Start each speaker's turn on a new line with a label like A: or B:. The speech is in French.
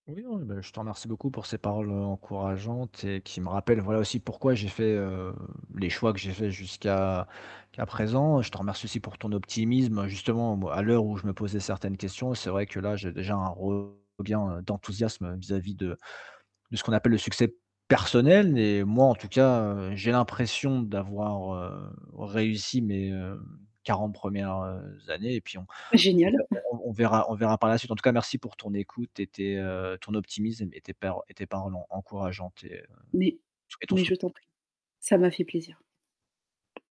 A: Oui, non, ben, je te remercie beaucoup pour ces paroles, heu, encourageantes et qui me rappellent, voilà, aussi pourquoi j'ai fait, heu, les choix que j'ai faits jusqu'à qu'à présent. Je te remercie aussi pour ton optimisme justement, bon à l'heure où je me posais certaines questions, c'est vrai que là j'ai déjà un regain d'enthousiasme vis-à-vis de de ce qu'on appelle le succès personnel et moi en tout cas, heu, j'ai l'impression d'avoir, heu, réussi mes, heu, 40 premières, heu, années et puis on on
B: Génial.
A: verr on on on verra on verra par la suite, en tout cas, merci pour ton écoute et tes, heu ton optimisme et tes pèr et tes paroles en encourageantes et, heu,
B: Mais
A: et ton
B: mais je
A: soutien.
B: t'en prie, ça m'a fait plaisir.